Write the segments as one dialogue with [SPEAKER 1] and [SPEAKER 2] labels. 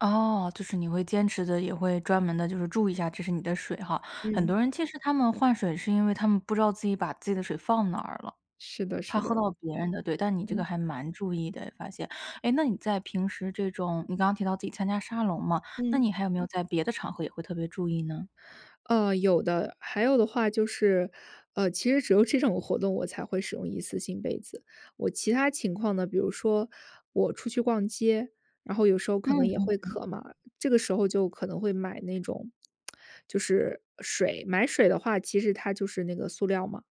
[SPEAKER 1] 哦，就是你会坚持地，也会专门地就是注意一下，这是你的水哈。很
[SPEAKER 2] 嗯。
[SPEAKER 1] 多人其实他们换水，是因为他们不知道自己把自己的水放哪儿了，
[SPEAKER 2] 是的是
[SPEAKER 1] 怕喝
[SPEAKER 2] 的。
[SPEAKER 1] 到别人的，对，但你这
[SPEAKER 2] 嗯。
[SPEAKER 1] 个还蛮注意的，发现。诶，那你在平时这种你刚刚提到自己参加沙龙嘛，那
[SPEAKER 2] 嗯。
[SPEAKER 1] 你还有没有在别的场合也会特别注意呢？
[SPEAKER 2] 呃，有的。还有的话，就是，呃，其实只有这种活动，我才会使用一次性杯子。我其他情况呢，比如说，我出去逛街，然后有时候可能
[SPEAKER 1] 嗯
[SPEAKER 2] 也
[SPEAKER 1] 嗯
[SPEAKER 2] 会
[SPEAKER 1] 嗯。
[SPEAKER 2] 渴嘛，这个时候就可能会买那种 就是，水。买水的话，其实它就是那个塑料嘛，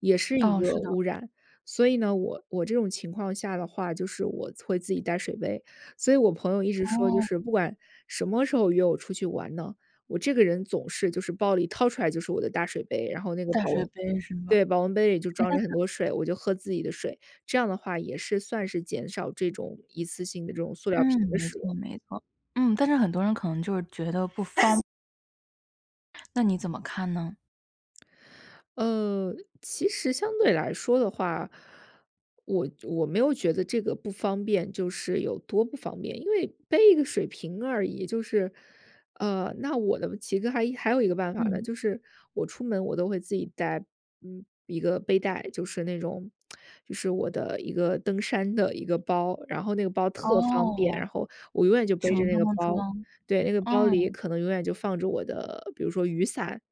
[SPEAKER 2] 也是一
[SPEAKER 1] 哦，
[SPEAKER 2] 个
[SPEAKER 1] 是的。
[SPEAKER 2] 污染。所以呢，我我这种情况下的话，就是我会自己带水杯。所以我朋友一直说就
[SPEAKER 1] 哦。
[SPEAKER 2] 是，不管什么时候约我出去玩呢，我这个人总是就是包里掏出来就是我的大水杯，然后那个
[SPEAKER 1] 大
[SPEAKER 2] 保
[SPEAKER 1] 水
[SPEAKER 2] 温
[SPEAKER 1] 杯是吗？
[SPEAKER 2] 对，保温杯里就
[SPEAKER 1] 诶，
[SPEAKER 2] 装
[SPEAKER 1] 但
[SPEAKER 2] 着
[SPEAKER 1] 是
[SPEAKER 2] 很多水，我就喝自己的水。这样的话，也是算是减少这种一次性的这种塑料瓶
[SPEAKER 1] 嗯，
[SPEAKER 2] 的
[SPEAKER 1] 没
[SPEAKER 2] 使
[SPEAKER 1] 错
[SPEAKER 2] 用。
[SPEAKER 1] 没错。嗯，但是很多人可能就觉得不方那你怎么看呢？
[SPEAKER 2] 呃，其实相对来说的话，我我没有觉得这个不方便，就是有多不方便。因为背一个水瓶而已，就是呃，那我呢，其实还还有一个办法了，
[SPEAKER 1] 嗯。
[SPEAKER 2] 就是我出门我都会自己带，嗯，一个背带，就是那种，就是我的一个登山的一个包。然后那个包特方便，
[SPEAKER 1] 哦，
[SPEAKER 2] 然后我永远就背
[SPEAKER 1] 什
[SPEAKER 2] 着
[SPEAKER 1] 么
[SPEAKER 2] 那
[SPEAKER 1] 都
[SPEAKER 2] 个
[SPEAKER 1] 能
[SPEAKER 2] 包，
[SPEAKER 1] 装。
[SPEAKER 2] 对。那个包里
[SPEAKER 1] 嗯。
[SPEAKER 2] 可能永远就放着我的比如说雨伞，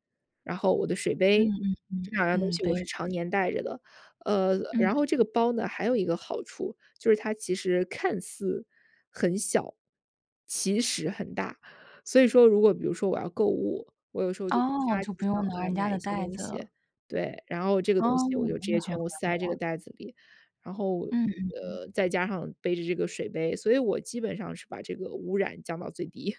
[SPEAKER 2] 然后我的水
[SPEAKER 1] 嗯
[SPEAKER 2] 杯，
[SPEAKER 1] 嗯
[SPEAKER 2] 这
[SPEAKER 1] 嗯，
[SPEAKER 2] 两样东
[SPEAKER 1] 嗯，
[SPEAKER 2] 西
[SPEAKER 1] 对
[SPEAKER 2] 我是常
[SPEAKER 1] 的。
[SPEAKER 2] 年带着的。呃，然
[SPEAKER 1] 嗯。
[SPEAKER 2] 后这个包呢，还有一个好处，就是它其实看似很小，其实很大。所以说如果比如说我要购物，我有时候就突
[SPEAKER 1] 哦，
[SPEAKER 2] 发奇
[SPEAKER 1] 就不
[SPEAKER 2] 想
[SPEAKER 1] 用拿人家
[SPEAKER 2] 买一
[SPEAKER 1] 的
[SPEAKER 2] 些
[SPEAKER 1] 袋
[SPEAKER 2] 东
[SPEAKER 1] 子
[SPEAKER 2] 西。
[SPEAKER 1] 了。
[SPEAKER 2] 对，然后这个
[SPEAKER 1] 哦，
[SPEAKER 2] 东西我就直接
[SPEAKER 1] 那很
[SPEAKER 2] 全
[SPEAKER 1] 环
[SPEAKER 2] 部塞这个
[SPEAKER 1] 保。
[SPEAKER 2] 袋子里。然后，
[SPEAKER 1] 嗯嗯嗯。
[SPEAKER 2] 呃，再加上背着这个水杯，所以我基本上是把这个污染降到最低。